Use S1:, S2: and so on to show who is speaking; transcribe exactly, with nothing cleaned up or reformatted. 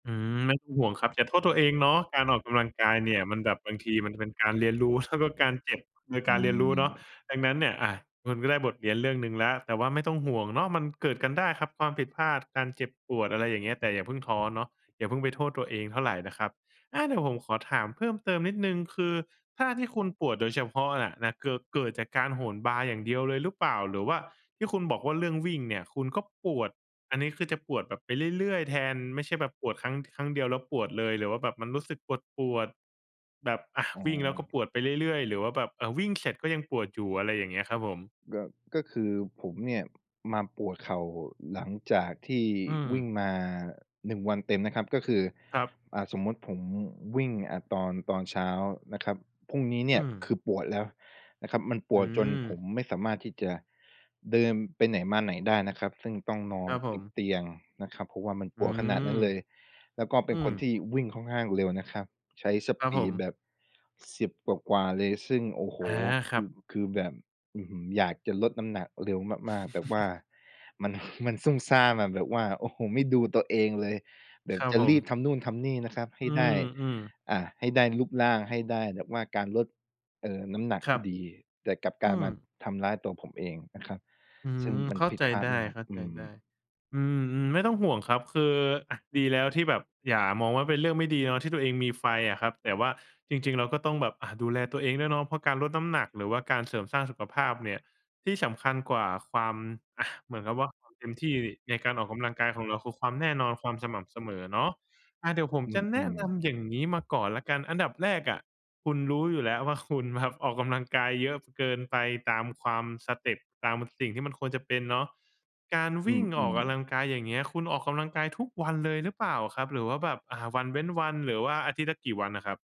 S1: อืม ไม่ต้องห่วงครับ อย่าโทษตัวเองเนาะ การออกกำลังกายเนี่ยมันแบบ บางทีมันจะเป็นการเรียนรู้ครับ ว่าการเจ็บคือ
S2: อ
S1: ก
S2: ื
S1: ารเรียนรู้เนาะ
S2: ม
S1: ดังนั้นเนี่ย อา คุณก็ได้บทเรียนเรื่องหนึ่งแล้ว แต่ว่าไม่ต้องห่วงเนาะ มันเกิดกันได้ครับ ความผิดพลาด การเจ็บปวด อะไรอย่างเงี้ย แต่อย่าเพิ่งท้อเนาะ อย่าเพิ่งไปโทษตัวเองเท่าไรนะครับ อา เดี๋ยวผมขอถามเพิ่มเติมนิดหนึ่ง คือท่าที่คุณปวดโดยเฉพาะน่ะนะ เกิด เกิดจากการโหนบาร์อย่างเดียวเลยหรือเปล่า? หรือว่าที่คุณบอกว่าเรื่องวิ่งเนี่ยคุณก็ปวด อันนี้คือจะปวดแบบไปเรื่อย ๆ แทน ไม่ใช่แบบปวดครั้ง ท ครั้งเดียว แล้วปวดเลย หรือว่าแบบมันรู้สึกปวด ๆ แบบ อา
S2: อ๋
S1: วิ่งแล้วก็
S2: อ
S1: ปวดไปเรื่อย ๆ หรือว่าแบบ อา วิ่งเสร็จก็ยังปวดอยู่? อะไรอย่างเงี้ยครับผม
S2: ก็ ก็คือผมเนี่ยมาปวดเข่าหลังจากที่
S1: อืม
S2: วิ่งมา หนึ่ง วันเต็มนะครับ ก็คือ
S1: ครับ
S2: อ่า สมมุติผมวิ่ง อ่า ตอน ตอนเช้านะครับ พรุ่งนี้เน
S1: อ
S2: ี
S1: ื
S2: ่ยค
S1: ม
S2: ือปวดแล้วนะครับ มันป
S1: อื
S2: วดจนผ
S1: ม
S2: มไม่สามารถที่จะเดินไปไหนมาไหนได้นะครับ ซึ่งต้องนอ
S1: คร
S2: น
S1: ับผ
S2: ติด
S1: ม
S2: เตียงนะครับ เพราะว่ามัน
S1: อ
S2: ป
S1: ื
S2: วดขนาดนั้
S1: ม
S2: นเลย แล้วก็เ
S1: อ
S2: ป็
S1: ื
S2: นค
S1: ม
S2: นที่วิ่งค่อนข้างเร็วนะครับ ใช้ส
S1: ครั
S2: ป
S1: บผ
S2: ีด
S1: ม
S2: แบบ สิบ กว่า ๆ เลย ซึ่ง โอ้โฮ!
S1: อา
S2: ค
S1: ครั
S2: ื
S1: บ
S2: อ คือแบบ อื้อฮือ อยากจะลดน้ำหนักเร็วมาก ๆ แต่ว่ามัน มันซุ่มซ่ามอะ แบบว่า โอ้โฮ ไม่ดูตัวเองเลย แบ
S1: ค
S2: บ
S1: รับ
S2: จะ
S1: ผ
S2: รี
S1: ม
S2: บทำนู่นทำนี่นะครับให
S1: อื
S2: ้ได้
S1: ม ๆ
S2: อ่า ให้ได้รูปร่างให้ได้แบบว่าการลด เอ่อ น้ำหนัก
S1: คร
S2: ที
S1: ั
S2: ่
S1: บ
S2: ดี แต่กลับก
S1: อ
S2: ลา
S1: ื
S2: ยมา
S1: ม
S2: ทำร้ายตัวผมเองนะครับ
S1: อื
S2: ซึ่ง
S1: ม
S2: มั
S1: เ
S2: น
S1: ข้า
S2: ผิ
S1: ใ
S2: ด
S1: จ
S2: พลา
S1: ได
S2: ดมาก อื
S1: ้
S2: ม
S1: ๆ อืม ๆ ไม่ต้องห่วงครับ คือ อา ดีแล้วที่แบบ อย่ามองว่าเป็นเรื่องไม่ดีเนอะ ที่ตัวเองมีไฟอะครับ แต่ว่าจริง ๆ เราก็ต้องแบบ อา ดูแลตัวเองด้วยเนาะ เพราะการลดน้ำหนัก หรือว่าการเสริมสร้างสุขภาพเนี่ย ที่สำคัญกว่าความ อา เหมือนกับว่าความเต็มที่ดิในการออกกำลังกายของเรา คือความแน่นอน ความสม่ำเสมอเนาะ อา เดี๋ยวผม
S2: อื
S1: จะแนะ
S2: ม
S1: น
S2: ๆ
S1: ำอย่างนี้มาก่อนแล้วกัน อันดับแรกอะคุณรู้อยู่แล้วว่าคุณแบบออกกำลังกายเยอะ พ เกินไป ตามความ สเต็ป ตามสิ่งที่มันควรจะเป็นเนาะ การ
S2: อ
S1: ว
S2: ื
S1: ิ่งออก
S2: ม
S1: กำล
S2: ๆ
S1: ังกาย อย่างเงี้ย คุณออกกำลังกายทุกวันเลยหรือเปล่าครับ? หรือว่าแบบ อ่า วันเว้นวัน หรือว่าอาทิตย์ละกี่วันน่ะครับ?